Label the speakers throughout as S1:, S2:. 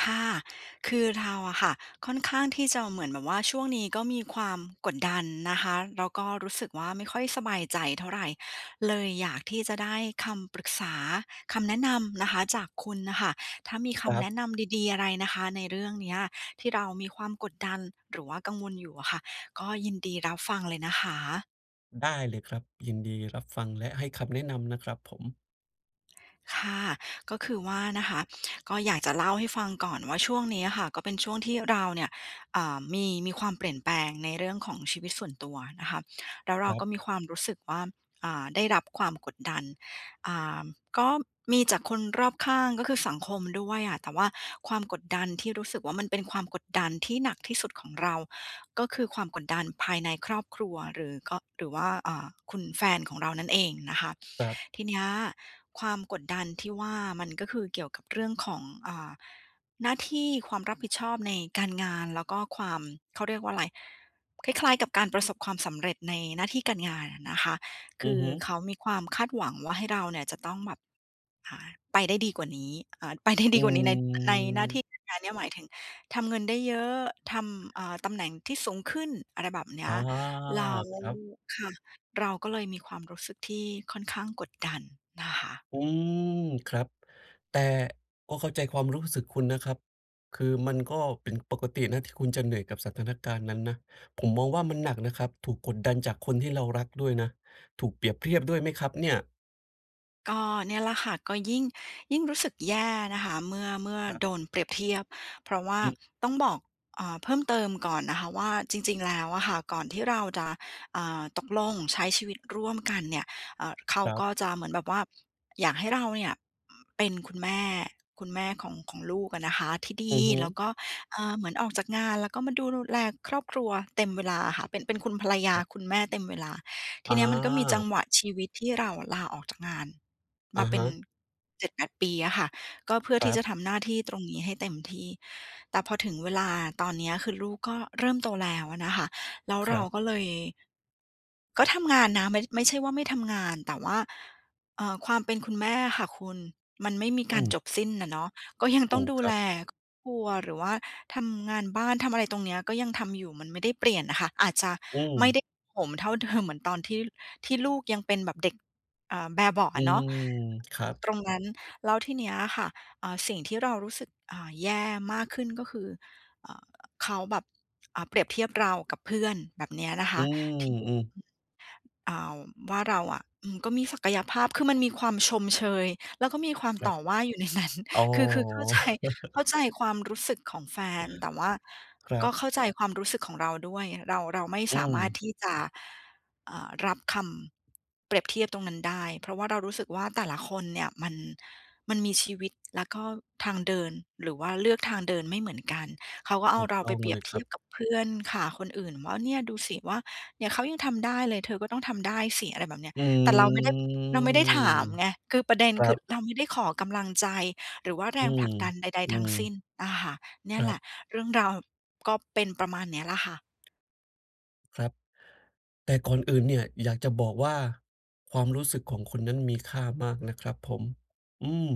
S1: ค่ะ คือเราอะค่ะ ค่อนข้างที่จะเหมือนแบบว่าช่วงนี้ก็มีความกดดันนะคะ แล้วก็รู้สึกว่า ไม่ค่อยสบายใจเท่าไร เลยอยากที่จะได้คำปรึกษา คำแนะนำนะคะ จากคุณน่ะค่ะ ถ้ามีค
S2: ค
S1: ำ
S2: ร
S1: แ
S2: ั
S1: น
S2: บ
S1: ะนำดี ๆ อะไรนะคะในเรื่องเนี้ยที่เรามีความกดดัน หรือว่ากังวลอยู่อะค่ะ ก็ยินดีรับฟังเลยนะคะ
S2: ได้เลยครับ ยินดีรับฟังและให้คำแนะนำนะครับผม
S1: ค่ะ ก็คือว่านะคะ ก็อยากจะเล่าให้ฟังก่อนว่า ช่วงเนี้ยค่ะก็เป็นช่วงที่เราเนี่ย อ่า มี มีความเปลี่ยนแปลงในเรื่องของชีวิตส่วนตัวนะคะ แล้วเร
S2: ค
S1: า
S2: รั
S1: ก
S2: บ
S1: ็มีความรู้สึกว่า อ่า ได้รับความกดดัน อ่า ก็มีจากคนรอบข้าง ก็คือสังคมด้วยอะ แต่ว่าความกดดันที่รู้สึกว่า มันเป็นความกดดันที่หนักที่สุดของเรา ก็คือความกดดันภายในครอบครัว หรือก็ หรือว่า อ่า คุณแฟนของเรานั่นเองนะคะ
S2: ครับ
S1: ทีเนี้ยความกดดันที่ว่า มันก็คือเกี่ยวกับเรื่องของ อ่า หน้าที่ความรับผิดชอบในการงาน แล้วก็ความ เขาเรียกว่าไร คล้าย ๆ กับการประสบความสำเร็จในหน้าที่การงานอะนะคะ ค
S2: อื
S1: ื
S2: อ
S1: อ
S2: ฮึ
S1: เขามีความคาดหวังว่าให้เราเนี่ยจะต้องแบบ อ่า ไปได้ดีกว่านี้ อ่า ไป ได้ด
S2: อื
S1: ีกว่านี้ ใน เออ ในหน้าที
S2: ม
S1: ่ การงานเนี้ย หมายถึงทำเงินได้เยอะ ทำ อ่า ตำแหน่งที่สูงขึ้น อะไรแบบเนี
S2: อ
S1: ้
S2: ๋อ
S1: ย แล้ว
S2: ครับ
S1: ค่ะ เราก็เลยมีความรู้สึกที่ค่อนข้างกดดันนะคะ
S2: อืม ครับ แต่ก็เข้าใจความรู้สึกคุณนะครับ คือมันก็เป็นปกตินะที่คุณจะเหนื่อยกับสถานการณ์นั้นนะ ผมมองว่ามันหนักนะครับ ถูกกดดันจากคนที่เรารักด้วยนะ ถูกเปรียบเทียบด้วยไหมครับเนี่ย?
S1: ก็เนี่ยแหละค่ะ ก็ยิ่ง ยิ่งรู้สึกแย่นะคะ เมื่อ เมื่อ
S2: ครับ
S1: โดนเปรียบเทียบ เพราะว่า
S2: อืม
S1: ต้องบอก อ่า เพิ่มเติมก่อนนะคะว่า จริง ๆ แล้วอะค่ะ ก่อนที่เราจะ อ่า ตกลงใช้ชีวิตร่วมกันเนี่ย เอ่อ เขา
S2: ครับ
S1: ก็จะเหมือนแบบว่า อยากให้เราเนี่ย อ เป็นคุณแม่ คุณแม่ของ ของลูกอะนะคะที่ด
S2: อื
S1: ี
S2: อฮึ
S1: แล้วก็ เอ่อ เหมือนออกจากงาน แล้วก็มาดูลู แลครอบครัวเต็มเวลาอะค่ะ เป็น เป็นคุณภรรย
S2: ค
S1: า
S2: รับ
S1: คุณแม่เต็มเวลา ท
S2: อ
S1: ีเนี้ยมันก็มีจั
S2: า
S1: งหวะชีวิต ที่เราอะลาออกจากงาน
S2: อ
S1: ม
S2: ะ
S1: าเป
S2: ฮ
S1: ็น
S2: ะ
S1: 7-8 ปีอะค่ะ ก็เพื่อ
S2: ค
S1: ท
S2: ร
S1: ี
S2: ั
S1: ่จ
S2: บ
S1: ะทำหน้าที่ตรงนี้ให้เต็มที่ แต่พอถึงเวลาตอนเนี้ย คือลูกก็เริ่มโตแล้วอะนะคะ แล้ว
S2: ค
S1: เร
S2: ร
S1: า
S2: ับ
S1: ก็เลย ก็ทำงานนะ ไม่ ไม่ใช่ว่าไม่ทำงาน แต่ว่า เอ่อ ความ เป็นคุณแม่อะค่ะคุณ มันไม่มี
S2: อ
S1: การ
S2: ืม
S1: จบสิ้นน่ะเนาะ ก็ ยัง
S2: ถ
S1: ต้อ
S2: ู
S1: ง
S2: ก
S1: ดู
S2: คร
S1: แ
S2: ั
S1: ล
S2: บ
S1: ครอบครัว หรือว่าทำงานบ้าน ทำอะไรตรงเนี้ย ก็ยังทำอยู่ มันไม่ได้เปลี่ยนน่ะค่ะ อาจจะ
S2: อื
S1: ไม่
S2: ม
S1: ได้โหมเท่า เดิม เหมือนตอนที่ ที่ลูกยังเป็นแบบเด็ก อ่า แบเบาะ
S2: อ
S1: อ
S2: ื
S1: ะเนาะ
S2: ม ครับ
S1: ตรงนั้น แล้วทีเนี้ยค่ะ อ่า สิ่งที่เรารู้สึก อ่า แย่มากขึ้นก็คือ อ่า เขาแบบ อ่า เปรียบเทียบเรากับเพื่อนแบบเนี้ยนะค
S2: อื
S1: ะ [unintelligible]
S2: ม ๆ
S1: อ่าว ว่าเราอะ อืม ก็มีศักยภาพ คือมันมีความชมเชย แล้วก็มีความ
S2: คร
S1: ต
S2: ับ
S1: ่อว่าอยู่ ในนั้น
S2: อ๋อ
S1: คือ คือ เข้าใจ เข้าใจความรู้สึกของแฟน แต่ว่า
S2: คร
S1: ก
S2: ั
S1: ็
S2: บ
S1: เข้าใจความรู้สึกของเราด้วย เรา เราไม่
S2: อื
S1: สามารถ
S2: ม
S1: ที่จะ อ่า รับคำเปรียบเทียบตรงนั้นได้ เพราะว่าเรารู้สึกว่า แต่ละคนเนี่ยมัน มันมีชีวิต แล้วก็ทางเดิน หรือว่าเลือกทางเดินไม่เหมือนกัน เขาก็เ
S2: ถ
S1: อา
S2: ูก
S1: เรา
S2: ต้
S1: ไป
S2: อง
S1: เปร
S2: เ
S1: ี
S2: ล
S1: ยบ
S2: ย
S1: เท
S2: คร
S1: ี
S2: ั
S1: ย
S2: บ
S1: บกับเพื่อนค่ะคนอื่นว่า "เนี่ยดูสิว่าเนี่ย เขายังทำได้เลย เธอก็ต้องทำได้สิ" อะไรแบบเนี้ย
S2: อื
S1: แต่เราไม่ได้ เราไม่ได้ถาม
S2: ม
S1: ไง คือประเด็น
S2: ครั
S1: คือ
S2: บ
S1: เราไม่ได้ขอกำลังใจ หรือว่าแร
S2: อื
S1: งผลักดันใด ๆ ทั้ง
S2: ม
S1: สิ้
S2: ๆ
S1: นอะค่ะ เนี่
S2: ค
S1: ย
S2: ร
S1: แ
S2: ั
S1: หล
S2: บ
S1: ะเรื่องราวก็เป็นประมาณเนี้ยล่ะค่ะ
S2: ครับ แต่ก่อนอื่นเนี่ยอยากจะบอกว่า ความรู้สึกของคุณนั้นมีค่ามากนะครับผม อือ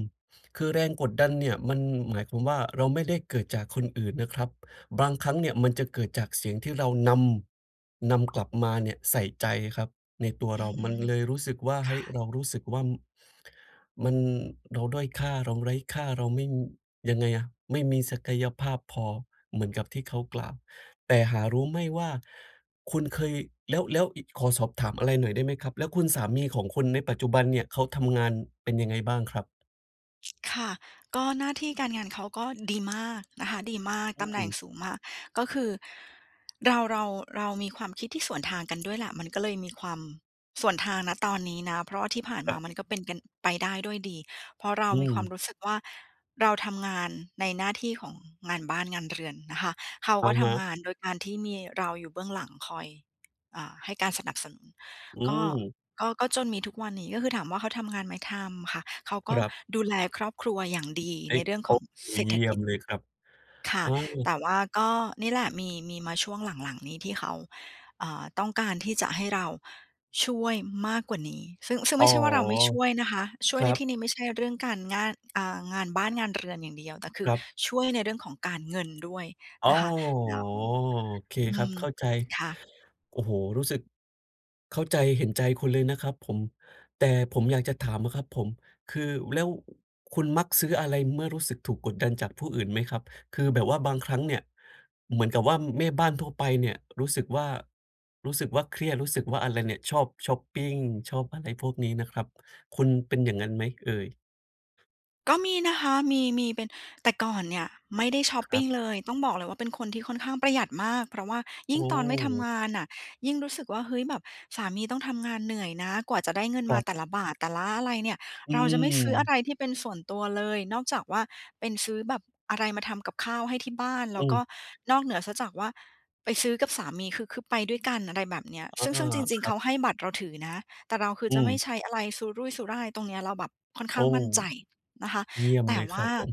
S2: คือแรงกดดันเนี่ยมันหมายความว่า เราไม่ได้เกิดจากคนอื่นนะครับ บางครั้งเนี่ยมันจะเกิดจากเสียงที่เรานำ นำกลับมาเนี่ยใส่ใจครับในตัว
S1: อื
S2: เรา มัน
S1: ม
S2: เลยรู้สึกว่า เฮ
S1: ค
S2: ้ย
S1: ่ะ
S2: เรารู้สึกว่า ม มัน เราด้อยค่า เราไร้ค่า เราไม่ ยังไงอะ ไม่มีศักยภาพพอเหมือนกับที่เขากล่าว แต่หารู้ไม่ว่าคุณเคย แล้ว แล้วอิ ขอสอบถามอะไรหน่อยได้ไหมครับ แล้วคุณสามีของคุณในปัจจุบันเนี่ยเขาทำงานเป็นยังไงบ้างครับ?
S1: ค่ะ ก็หน้าที่การงานเขาก็ดีมากนะคะ ดีมาก
S2: อื
S1: ตำแหน่ง
S2: ม
S1: สูงมาก ก็คือ เรา เรา เรามีความคิดที่สวนทางกันด้วยแหละ มันก็เลยมีความสวนทาง ณ ตอนนี้นะ เพราะว่าที่ผ่านม
S2: ค
S1: า
S2: รับ
S1: มันก็เป็นกัน ไปได้ด้วยดี เพราะเรา
S2: อื
S1: มี
S2: ม
S1: ความรู้สึกว่า เราทำงานในหน้าที่ของงานบ้านงานเรือนนะคะ เขา
S2: อ
S1: ก
S2: ะ
S1: ็ท
S2: ฮะ
S1: ำงานโดยการที่มีเราอยู่เบื้องหลังคอย อ่า ให้การสนับสนุน
S2: อื
S1: ก็
S2: ม
S1: ก็ ก็จนมีทุกวันนี้ ก็คือถามว่า เขาทำงานไหม? ทำค่ะ เขาก็
S2: ครับ
S1: ดูแลครอบครัวอย่างดี
S2: ไอ้
S1: ในเรื่อง
S2: โ
S1: ข
S2: อ๊
S1: อง
S2: ะ โอ้
S1: เศรษ
S2: เย
S1: ฐ
S2: ี่ย
S1: กิ
S2: ม
S1: จ
S2: เลยครับ
S1: ค่
S2: อ
S1: ะ
S2: า
S1: แต่ว่าก็นี่แหละ มี มีมาช่วงหลัง ๆ นี่ที่เขา อ่า ต้องการที่จะให้เราช่วยมากกว่านี้ ซึ่ง ซึ่ง
S2: อ
S1: ไ
S2: ๋
S1: ม
S2: อ
S1: ่ใช่ว่า เราไม่ช่วยนะคะ ช่ว
S2: ค
S1: ย
S2: ร
S1: ใน
S2: ั
S1: ที
S2: บ
S1: ่นี้ไม่ใช่เรื่องการง่าน อ่า งานบ้านงานเรือนอย่างเดียว แต่คื
S2: ค
S1: อ
S2: รับ
S1: ช่วยในเรื่องของ การเงิน ด้วย
S2: อ๋อ
S1: นะคะ แล้ว
S2: โอเค
S1: อ
S2: ค
S1: ื
S2: รับ
S1: ม
S2: เข้าใจ
S1: ค่ะ
S2: โอ้โฮ รู้สึกเข้าใจ เห็นใจคุณเลยนะครับผม แต่ผมอยากจะถามอะครับผม คือ แล้ว คุณมักซื้ออะไรเมื่อรู้สึกถูกกดดันจากผู้อื่นไหมครับ? คือแบบว่าบางครั้งเนี่ยเหมือนกับว่า อืม แม่บ้านทั่วไปเนี่ยรู้สึกว่า รู้สึกว่าเครียด รู้สึกว่าอะไรเนี่ย ชอบชอปปิง ชอบอะไรพวกนี้นะครับ คุณเป็นอย่างงั้นไหมเอ่ย?
S1: ก็มีนะคะ มี มีเป็น แต่ก่อนเนี่ย ไม่ได้ชอป
S2: คร
S1: ป
S2: ั
S1: ิง
S2: บ
S1: เลย ต้องบอกเลยว่า เป็นคนที่ค่อนข้างประหยัดมาก เพราะว่า
S2: โ
S1: ยิ
S2: อ
S1: ่งตอนไม่ทำ
S2: ้
S1: งานน่ะ ยิ่งรู้สึกว่า เฮ้ย แบบสามีต้องทำงานเหนื่อยนะ กว่าจะได้เงิน
S2: ค
S1: ม
S2: ร
S1: า
S2: ับ
S1: แต่ละบาท แต่ละอะไรเนี่ย
S2: อื
S1: เราจะไม่ซื้ออะ
S2: ม
S1: ไรที่เป็นส่วนตัวเลย นอกจากว่าเป็นซื้อแบบอะไรมาทำกับข้าวให้ที่บ้าน แล
S2: อ
S1: ้
S2: ื
S1: วก
S2: ม
S1: ็นอกเหนือเสียจากว่า ไปซื้อกับสามี คือ คือไปด้วยกัน อะไรแบบเนี้ย
S2: อา
S1: ซึ่ง ซึ่งจริ
S2: ค
S1: ง ๆ
S2: รั
S1: เข
S2: บ
S1: าให้บัตรเราถือนะ แต่เราคือ
S2: อื
S1: จะไม่
S2: ม
S1: ใช้อะไรสุรุ่ยสุร่าย ตรงเนี้ยเราแบบค่อน
S2: โ
S1: ข
S2: อ้
S1: ้างมั่นใจนะคะ
S2: เยี่ยม
S1: แต
S2: เ
S1: ่
S2: ลย
S1: ว
S2: คร
S1: ่
S2: ั
S1: า
S2: บผม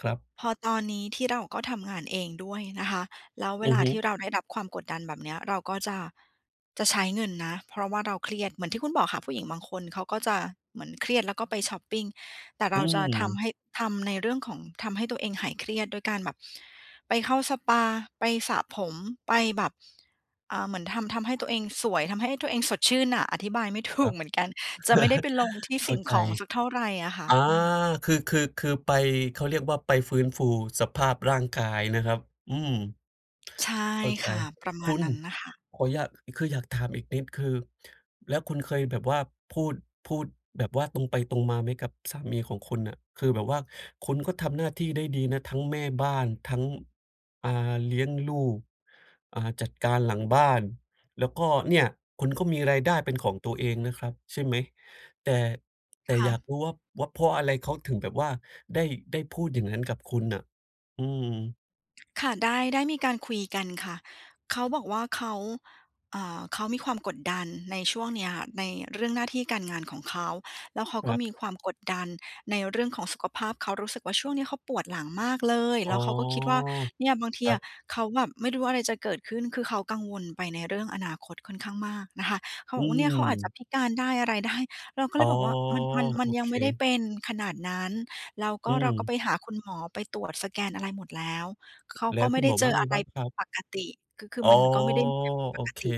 S2: ครับ
S1: พอตอนนี้ ที่เราก็ทำงานเองด้วยนะคะ แล้วเว
S2: อื
S1: ล
S2: อ
S1: า
S2: ฮึ
S1: ที่เราได้รับความกดดันแบบเนี้ย เราก็จะ จะใช้เงินนะ เพราะว่าเราเครียด เหมือนที่คุณบอกค่ะ ผู้หญิงบางคนเขาก็จะเหมือนเครียด แล้วก็ไปชอปปิง แต่
S2: อ
S1: เร
S2: ื
S1: าจะท
S2: ม
S1: ำให้ ทำในเรื่องของทำให้ตัวเองหายเครียดด้วยการแบบ ไปเข้าสปา ไปสระผม ไปแบบ อ่า เหมือนทำ ทำให้ตัวเองสวย ทำให้ตัวเองสดชื่นน่ะ อธิบายไม่ ถ
S2: ค
S1: ู
S2: รั
S1: ก
S2: บ
S1: เหมือนกัน จะไม่ได้ไปลงที่
S2: เข
S1: ส
S2: ้
S1: ิ
S2: า
S1: ่ง
S2: ใจ
S1: ของสักเท่าไรอะค่ะ
S2: อา
S1: อืม
S2: คือ คือ คือไป เขาเรียกว่าไปฟื้นฟูสภาพร่างกายนะครับ อืม
S1: ใช่
S2: เข้าใจ
S1: ค่ะ ประม
S2: ค
S1: า
S2: ุ
S1: ณ
S2: ณ!
S1: นั้นน่ะค่ะ
S2: ขออยาก คืออยากถามอีกนิด คือ แล้วคุณเคยแบบว่าพูด พูด แบบว่าตรงไปตรงมาไหม? กับสามีของคุณน่ะ คือแบบว่าคุณก็ทำหน้าที่ได้ดีนะ ทั้งแม่บ้าน ทั้ง อ่า เลี้ยงลูก อ่า จัดการหลังบ้าน แล้วก็เนี่ย คุณก็มีรายได้เป็นของตัวเองนะครับใช่ไหม? แต่ แต่
S1: ค่
S2: อยา
S1: ะ
S2: กรู้ว่า ว่าเพราะอะไร? เขาถึงแบบว่าได้ ได้พูดอย่างนั้นกับคุณน่ะ อืม
S1: ค่ะ ได้ ได้มีการคุยกันค่ะ เขาบอกว่า เขา เอ่อ เขามีความกดดันในช่วงเนี้ย ในเรื่องหน้าที่การ งานของเขา แล้วเขา
S2: ค
S1: ก็
S2: รับ
S1: มีความกดดันในเรื่องของสุขภาพ เขารู้สึกว่า ช่วงนี้เขาปวดหลังมากเลย
S2: อ๋
S1: แล
S2: อ
S1: ้วเขาก็คิดว่า เนี่ยบางที
S2: ครั
S1: อะ
S2: บ
S1: เขาแบบไม่รู้อะไรจะเกิดขึ้น คือเขากังวลไปในเรื่องอนาคตค่อนข้างมากนะคะ เขา
S2: อ
S1: บ
S2: ื
S1: อกว่า "เนี่ย เขาอาจจะ
S2: ม
S1: พิการได้อะไร ได้" เราก็
S2: อ
S1: เล
S2: ๋อ
S1: ยบอกว่า "มัน มัน ม
S2: โ
S1: ั
S2: อ
S1: นยั
S2: เ
S1: งไม่ได้
S2: ค
S1: เป็นขนาดนั้น" แล้วก
S2: อื
S1: ็เราก็
S2: ม
S1: ไปหาคุณหมอ ไปตรวจสแกนอะไรหมดแล้ว เขา
S2: แล
S1: ก
S2: ้
S1: ็
S2: ว
S1: ไม
S2: ค
S1: ่
S2: ุณ
S1: ได
S2: ห
S1: ้
S2: มอ
S1: เจ
S2: ว่า
S1: อ
S2: ไง
S1: อะไร
S2: บ้าง
S1: ผ
S2: ค
S1: ิ
S2: รั
S1: ด
S2: บ?
S1: ปกติ คือ คือ
S2: อ๋อ
S1: มันก็ไม่ได้มีอะไรผิดป
S2: โอ
S1: ก
S2: เค
S1: ติ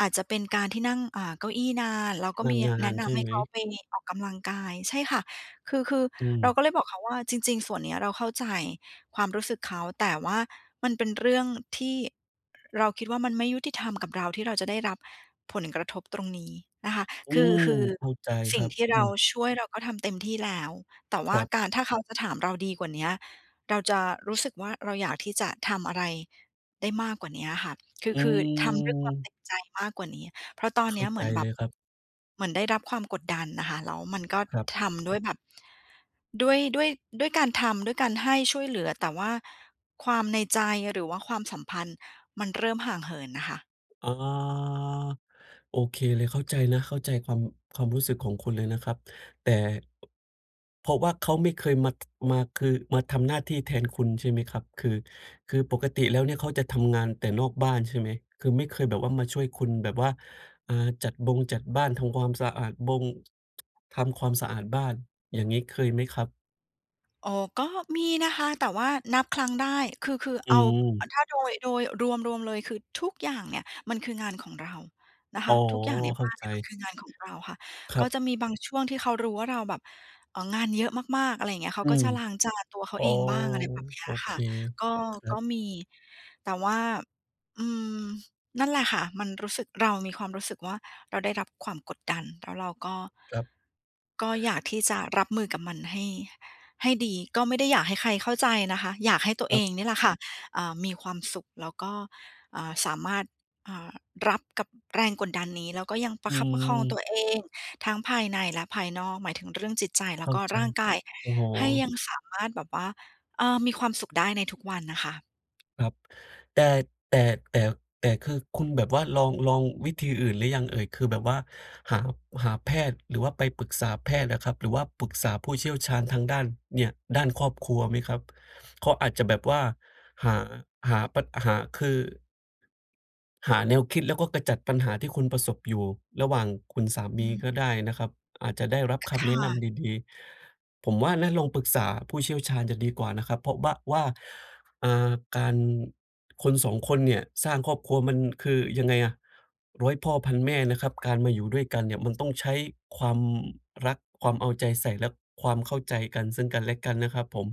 S1: อาจจะเป็นการที่นั่ง อ่า เก้าอี้นาน เราก็มีย่
S2: น
S1: ะ
S2: า
S1: แน
S2: น
S1: ะน
S2: ๆ ใช่
S1: ำให
S2: ไ
S1: ้
S2: หม?
S1: เขาไปออกกำลังกาย ใช่ค่ะ คือ คือ
S2: อื
S1: เรา
S2: ม
S1: ก็เลยบอกเขาว่า "จริง ๆ ส่วนเนี้ยเราเข้าใจความรู้สึกเขา" แต่ว่ามันเป็นเรื่องที่ อือ เราคิดว่ามันไม่ยุติธรรมกับเราที่เราจะได้รับผลกระทบตรงนี้ นะคะ
S2: อื
S1: คือ
S2: ม
S1: ฮือ
S2: เข้าใจ
S1: ส
S2: ค
S1: ิ่
S2: ร
S1: ง
S2: ับ
S1: ที่
S2: อ
S1: เ
S2: ื
S1: รา
S2: ม
S1: ช่วย เราก็ทำเต็มที่แล้ว แต่ว่
S2: ค
S1: า
S2: รับ
S1: การ ถ้าเขาจะถามเราดีกว่าเนี้ย เราจะรู้สึกว่า เราอยากที่จะทำอะไรได้มากกว่าเนี้ยค่ะ คื
S2: อ
S1: อ
S2: ื
S1: คือทำด้วยความเต
S2: ม
S1: ็มใจมากกว่านี้ เพราะตอน
S2: เข
S1: เน
S2: ้
S1: ี
S2: า
S1: ้ยเห
S2: ใ
S1: ม
S2: จ
S1: ือนแบ
S2: เล
S1: บ
S2: ยครับ
S1: เหมือนได้รับความกดดันน่ะค่ะ แล้วมันก็
S2: ครับ
S1: ทำด้วยแบบ ด้วย ด้วย ด้วยการทำ ด้วยการให้ช่วยเหลือ แต่ว่าความในใจหรือว่าความสัมพันธ์มันเริ่มห่างเหินน่ะค่ะ
S2: อ๋อ โอเคเลย เข้าใจนะ เข้าใจความ ความรู้สึกของคุณเลยนะครับ แต่ อ เพราะว่าเขาไม่เคยมา ท มา คือ มาทำหน้าที่แทนคุณ ใช่ไหมครับ? คือ คือปกติแล้วเนี่ยเขาจะทำงานแต่นอกบ้าน ใช่ไหม? คือไม่เคยแบบว่ามาช่วยคุณแบบว่า อ่า จัดบงจัดบ้าน ทำความสะอาดบง ทำความสะอาดบ้าน อย่างงี้เคยไหมครับ?
S1: อ๋อ ก็มีนะคะ แต่ว่านับครั้งได้ คือ คือ
S2: อื
S1: เอา อ
S2: ม
S1: ถ้าโดย โดย รวม รวมเลย คือ ทุกอย่างเนี่ยมันคืองาน ของเรานะค
S2: อ๋อ
S1: ะ ทุกอย่างใน
S2: เข
S1: บ
S2: ้า
S1: ้าน
S2: ใ
S1: เ
S2: จ
S1: นี่ยมันคืองานของเราค่ะ
S2: ครั
S1: ก็
S2: บ
S1: จะมีบางช่วงที่เขารู้ว่าเราแบบ เออ งานเยอะมาก ๆ อะไรอย่างเงี้ย เข
S2: อ
S1: า
S2: ื
S1: ก็
S2: ม
S1: จะล้างจานตัวเข
S2: อ
S1: า
S2: ๋อ
S1: เองบ้าง อะไรแบบเนี้
S2: โอ
S1: ย
S2: เ
S1: ค
S2: ค
S1: ่ะ ก็
S2: ครั
S1: ก็
S2: บ
S1: มี แต่ว่า อืม นั่นแหละค่ะ มันรู้สึก เรามีความรู้สึกว่าเราได้รับความกดดัน แล้วเราก็
S2: ครับ
S1: ก็อยากที่จะรับมือกับมันให้ ให้ดี ก็ไม่ได้อยาก ให้ใครเข้าใจนะคะ อยากให้ตัว
S2: ค
S1: เ
S2: ร
S1: อ
S2: ับ
S1: ง เนี่ยแหละค่ะ อ่า มีความสุข แล้วก็ อ่า สามารถ อ่า รับกับแรงกดดันนี้ แล้วก็ยังปร
S2: อ
S1: ะ
S2: ื
S1: คับประคองตั
S2: ม
S1: วเองทั้งภายในและภายนอก หมายถึงเรื่องจิตใจแล
S2: เ
S1: ้
S2: ข
S1: ว
S2: ้า
S1: ก็
S2: ใจ
S1: ร่างกาย
S2: โอ้โฮ
S1: ให้ยังสามารถแบบว่า เออ มีความสุขได้ในทุกวัน นะคะ
S2: ครับ แต่ แต่ แต่ แต่คือคุณแบบว่าลอง ลองวิธีอื่นหรือยังเอ่ย? คือแบบว่าหา หาแพทย์ หรือว่าไปปรึกษาแพทย์อะครับ หรือว่าปรึกษาผู้เชี่ยวชาญทางด้าน เนี่ย ด้านครอบครัวไหมครับ? เขาอาจจะแบบว่า หา หาปัด หา คือ หาแนวคิด แล้วก็กระจัดปัญหาที่คุณประสบอยู่ระหว่างคุณสา
S1: อ
S2: มี
S1: ืม
S2: ก็ได้นะครับ อาจจะได้รับค
S1: ค
S2: ำแน
S1: ่
S2: ะน
S1: ะ
S2: ำดี ๆ ผมว่านะ ลองปรึกษาผู้เชี่ยวชาญจะดีกว่านะครับ เพราะบะ ว่า อ่า การ คน 2 คนเนี่ยสร้างครอบครัวมัน คือยังไงอะ ร้อย พ่อพันแม่นะครับ การมาอยู่ด้วยกันเนี่ยมันต้องใช้ความรัก ความเอาใจใส่ และความเข้าใจกัน ซึ่งกันและกันนะครับผม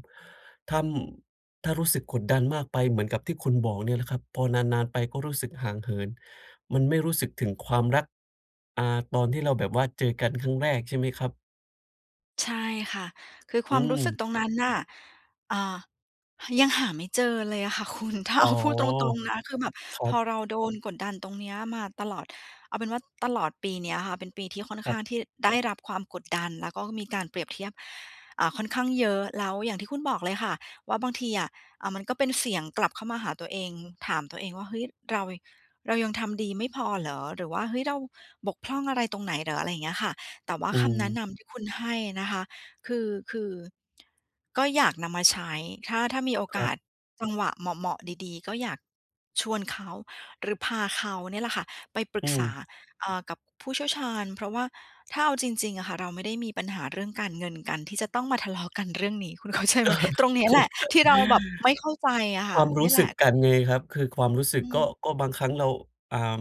S2: ถ้ำ ถ้ารู้สึกขดดันมากไปเหมือนกับที่คุณบอกเนี่ยแหละครับ พอนาน ๆ ไปก็รู้สึกห่างเหิน มันไม่รู้สึกถึงความรัก อ่า ตอนที่เราแบบว่าเจอกันครั้งแรกใช่ไหมครับ?
S1: ใช่ค่ะ คือค
S2: อ
S1: ว
S2: ื
S1: ามรู้สึก
S2: ม
S1: ตรงนั้นน่ะ อ่า ยังหาไม่เจอเลยอะค่ะ คุณ ถ้า
S2: อ
S1: เ
S2: ๋
S1: อ
S2: อ
S1: า พูดตรง ๆ นะ คือแบบ
S2: ครั
S1: พอ
S2: บ
S1: เราโดนกดดันตรงเนี้ยมาตลอด เอาเป็นว่าตลอดปีเนี้ยค่ะ เป็นปีที่ค่อน
S2: ค
S1: ข
S2: รั
S1: ้า
S2: บ
S1: งที่ได้รับความกดดัน แล้วก็มีการเปรียบเทียบ อ่า ค่อนข้างเยอะ แล้วอย่างที่คุณบอกเลยค่ะว่า บางทีอะ อ่า มันก็เป็นเสียงกลับเข้ามาหาตัวเอง ถามตัวเองว่า "เฮ้ย เรา เรายังทำดีไม่พอเหรอ?" หรือว่า "เฮ้ย เราบกพร่องอะไรตรงไหนเหรอ?" อะไรอย่างเงี้ยค่ะ แต่ว่า
S2: อื
S1: คำแนะ
S2: ม
S1: นำที่คุณให้อะนะคะ คือ คือ ก็อยากนำมาใช้ ถ้า ถ้ามีโอ
S2: ค
S1: ก
S2: รั
S1: า
S2: บ
S1: สจังหวะเหมาะ ๆ ดี ๆ ก็อยากชวนเขา หรือพาเขาเนี่ยแหละค่ะไปปรึ
S2: อื
S1: กษา
S2: ม
S1: เอ่อ กับผู้เชี่ยวชาญ เพราะว่า ถ้าเอาจริง ๆ อะค่ะ เราไม่ได้มีปัญหาเรื่องการเงินกันที่จะต้องมาทะเลาะกันเรื่องนี้ คุณเข้าใจไหม? ตรงนี้แหละที่เราแบบไม่เข้าใจอะ
S2: เข้าใจ
S1: ค
S2: ค
S1: ่
S2: ว
S1: ะ
S2: ามร
S1: เน
S2: ู
S1: ี่
S2: ้
S1: ยแ
S2: ส
S1: หล
S2: ึก
S1: ะ
S2: กันไงครับ คือความรู้สึ
S1: อ
S2: ก
S1: ื
S2: ก็
S1: ม
S2: ก็บางครั้งเรา อ่า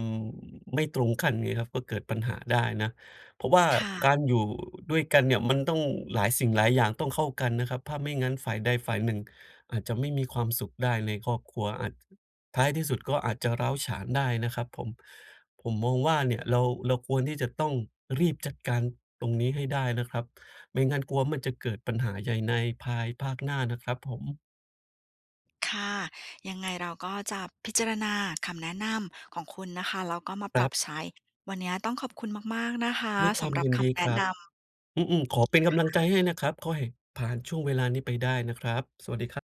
S2: ไม่ตรงคันไงครับ ก็เกิดปัญหาได้นะ เพราะว่า
S1: ค่
S2: ก
S1: ะ
S2: ารอยู่ด้วยกันเนี่ย มันต้องหลายสิ่งหลายอย่างต้องเข้ากันนะครับ ผ้าไม่งั้นฝ่ายใดฝ่ายหนึ่งอาจจะไม่มีความสุขได้ในครอบครัว อาจจะ ท้ายที่สุดก็อาจจะร้าวฉานได้นะครับผม ผมมองว่าเนี่ย เรา เราควรที่จะต้องรีบจัดการตรงนี้ให้ได้นะครับ ไม่งั้นกลัวว่ามันจะเกิดปัญหาใหญ่ในภายภาคหน้านะครับผม
S1: ค่ะ ยังไงเราก็จะพิจารณา คำแนะนำของคุณนะคะ แล้วก็มา
S2: ค
S1: ป
S2: ร
S1: รั
S2: ั
S1: บ
S2: บ
S1: ใช้ วันเนี้ยต้องขอบคุณมาก ๆ นะคะ
S2: ด้วยค
S1: ส
S2: วา
S1: ำ
S2: ม
S1: หรับ
S2: ยิน
S1: ค
S2: ดี
S1: ำแน
S2: ค
S1: ะ
S2: รั
S1: น
S2: บ
S1: ำ
S2: อืม ๆ ขอเป็นกำลัง
S1: ค
S2: ใจ
S1: ่ะ
S2: ให้นะครับ ขอไห่ผ่านช่วงเวลานี้ไปได้นะครับ สวัสดีครับ